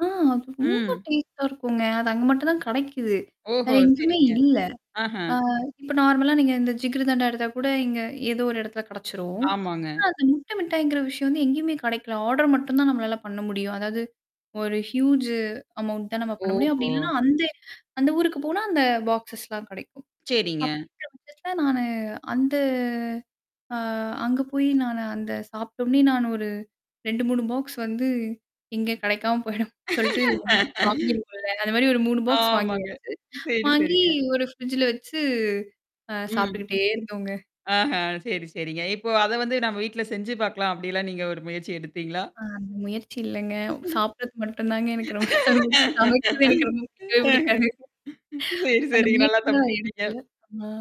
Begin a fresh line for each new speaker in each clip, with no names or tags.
ஆ! அது ரொம்ப
ம்.
டேஸ்டா இருக்குங்க. அது அங்க மட்டும் தான் கிடைக்குது வேற
ஓஹோ!
எங்கயுமே
சரிங்க.
இல்ல.
ஆஹா.
ஆ இப்ப நார்மலா நீங்க இந்த ஜிக்ருதண்டா எடுத்தா கூட, இங்க ஏதோ ஒரு எடத்துல கிடைச்சரும்.
ஆமாங்க.
ஆ அது முட்டை மிட்டாய்ங்கிற விஷயம் வந்து எங்கயுமே கிடைக்கல. ஆர்டர் மட்டும் தான் நம்மளால பண்ண முடியும். அதாவது, ஒரு ஹியூஜ் அமௌண்ட் தான் நம்ம பண்ண முடியும். அப்டி
ஓஹோ!
இல்லன்னா, அந்த அந்த ஊருக்கு போனா அந்த பாக்ஸஸ்லாம் கிடைக்கும்
செரிங்க.
அப்படிங்கிற பட்சத்தல நானு அந்த அ அங்க போயி நானு அந்த சாப்ட்டோன்னே நானு ஒரு 2, 3 பாக்ஸ் வந்து, இங்க கிடைக்காம போயிடும் சொல்ட்டு வாங்கிருவோம்ல. அந்த மாரி ஒரு 3 பாக்ஸ்
ஆமாங்க.
வாங்கியாச்சு.
சரி,
வாங்கி
சரிங்க.
ஒரு ஃப்ரிட்ஜ்ல வச்சு, அ
ம்.
சாப்புட்டுக்கிட்டே இருந்தோங்க.
ஆஹ சரி, சரிங்க. இப்போ அத வந்து நம்ம வீட்ல செஞ்சு பாக்கலாம். அப்டிலாம் நீங்க ஒரு முயற்சி எடுத்தீங்களா?
அ அந்த முயற்சி இல்லங்க!
ம்ஹ்ம்.
சாப்புடறது மட்டும் தாங்க எனக்கு ரொம்ப புடிக்கும். சமைக்கிறது எனக்கு ரொம்ப புடிக்கவே புடிக்காது.
சரி,
அந்த
சரிங்க. நல்லா
முயற்சி நான்
தப்பிச்சுக்கிட்டீங்க.
எடுக்கல. ஆமா.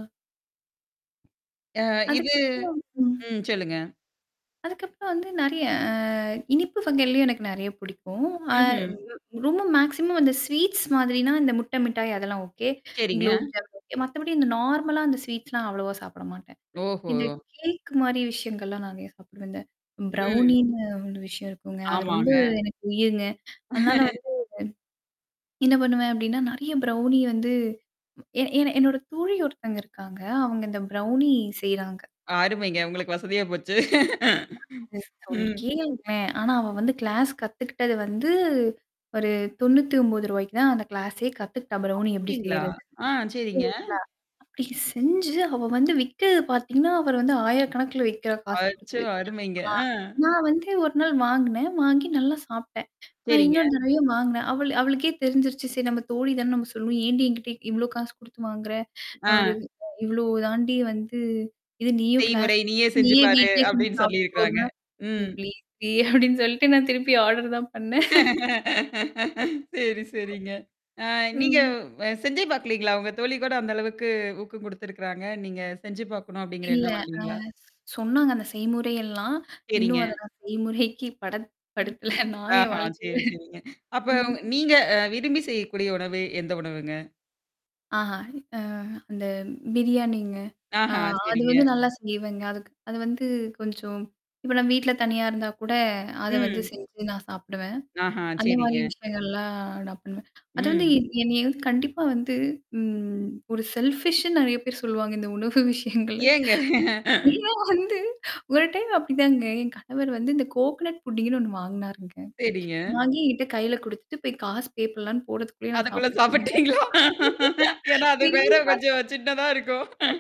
அ இது
அதுக்கப்புறமா ம்.
ம். சொல்லுங்க.
அதுக்கப்புறம் வந்து நெறையா அ இனிப்பு வகைளயும் எனக்கு நெறையா பிடிக்கும். அ
ம்ஹ்ம்.
ரொம்ப ம் மேக்ஸிமம் அந்த ஸ்வீட்ஸ் மாதிரினா, இந்த முட்டை மிட்டாய், அதெல்லாம் ஓகே,
சரிங்க.
க்ளோப் ஜாமுன் ஓகே. மத்தபடி இந்த நார்மலா அ ஸ்வீட்ஸ்லாம் அவ்வளவா சாப்பிட மாட்டேன்.
ஓஹோ!
இந்த கேக் மாரி விஷயங்கள்லாம் நிறையா சாப்பிடுவேன்ங்க.
ம்.
பிரவுனினு ஒரு விஷயம் இருக்குங்க. அது ரொம்ப
ஆமாங்க.
எனக்கு உயிர்ங்க. அதனால வந்து என்னா பண்ணுவேன் அப்டின்னா நெறைய ப்ரௌணி வந்து ஏ ஏன்னா, என்னோட தோழி ஒருத்தங்க இருக்காங்க. அவுங்க இந்த பிரவுனி செய்றாங்க.
அருமைங்க. உங்களுக்கு வசதியா போச்சு.
அது சொல்
ம்.
கேளுங்களேன். ஆனா, அவ வந்து கிளாஸ் கத்துக்கிட்டது வந்து ஒரு ரூ. 99க்கு தான் அந்த கிளாஸே கத்துக்கிட்டா, பிரவுணி எப்படி
அப்டீங்களா?
செய்றதுன்னு.
ஆ, சரிங்க.
சரிங்களா? அப்டி செஞ்சு அவ வந்து விக்கிறது பாத்தீங்கன்னா, அவர் வந்து 1000 கணக்குல வி்க்கிறா. காசு
அச்சோ!
குடுத்து
அருமைங்க.
ஆ
ஆ.
நான் வந்து ஒரு நாள் வாங்குனேன். வாங்கி நல்லா சாப்ட்டேன். அ
சரிங்க.
இன்னொரு தடவையும் வாங்குனேன். அவள் அவளுக்கே தெரிஞ்சிருச்சு. சரி நம்ம தோழி தானேன்னு நம்ம சொல்லுவோம். "ஏன்டீ என்கிட்ட இவ்வளோ காசு குடுத்து வாங்குற? நான் ஒரு
ஆ.
அ இவ்ளோ தாண்டி வந்து இது நீயும்
செய்முறை.
கிளாஸ்க்கு
"நீயே
போயி,
செஞ்சு
நீயும்
பாரு!"
வீட்லயே செஞ்சு
அப்டின்னு
சாப்ட்டுக்கோ"
சொல்லியிருக்கிறாங்க.
அப்டின்னா, "ஏ
ம்.
ப்ளீஸ் டீ" அப்டீன்னு சொல்ட்டு நான் திருப்பி ஆர்டர் தான் பண்ணேன்.
செரி, சரிங்க. ஆ நீங்க
ம்.
வ செஞ்சே பாக்கலைங்களா? உங்க தோழி கூட அந்த அளவுக்கு ஊக்கம் குடுத்துருக்கறாங்க. நீங்க செஞ்சு பாக்கணும் அப்படிங்கிற
இல்ல.
எண்ணம்
அ
வரலைங்களா?
சொன்னாங்க அந்த செய்முறையெல்லாம்,
சரிங்க.
இன்னும் அத நான் செய்முறைக்கு படத்
ம்.
படுத்தல. நான் என்
ஆஹா
வாழ்க்கையில.
சரி, சரிங்க. அப்ப
ம்.
ஒங்க நீங்க, அ விரும்பி செய்யக்கூடிய உணவு, எந்த உணவுங்க?
ஆஹா, அ, அந்த பிரியாணிங்க. ஆ
ஆஹா!
அது
சரிங்க.
வந்து நல்லா செய்வேங்க. அதுக்கு அது வந்து கொஞ்சம் இப்ப நான் வீட்ல தனியா இருந்தா கூட, அத வந்து
ம்.
செஞ்சு நான் சாப்பிடுவேன்.
ஆஹா,
அந்த மாரி
சரிங்க.
விஷயங்கள்லாம் நான் பண்ணுவேன். அது வந்து
ம்.
என் என்னைய வந்து கண்டிப்பா வந்து, ம் ஒரு செல்ஃபிஷ்ன்னு நெறைய பேர் சொல்லுவாங்க இந்த உணவு விஷயங்கள்ல.
ஏங்க?
ஏன்னா வந்து, ஒரு டைம் அப்படிதாங்க. என் கணவர் வந்து இந்த கோக்கனட் புட்டிங்னு ஒண்ணு வாங்குனாருங்க.
சரிங்க.
வாங்கி என்கிட்ட கையில குடுத்துட்டு போய் காசு பே பண்ணலான்னு போறதுக்குள்ளயே நான்
அதுக்குள்ள
சாப்புட்டேங்க.
சாப்பி்ட்டீங்களா? ஏன்னா, அது வேற
திரும்பி பாத்து
கொஞ்சம் சின்னதா இருக்கும்.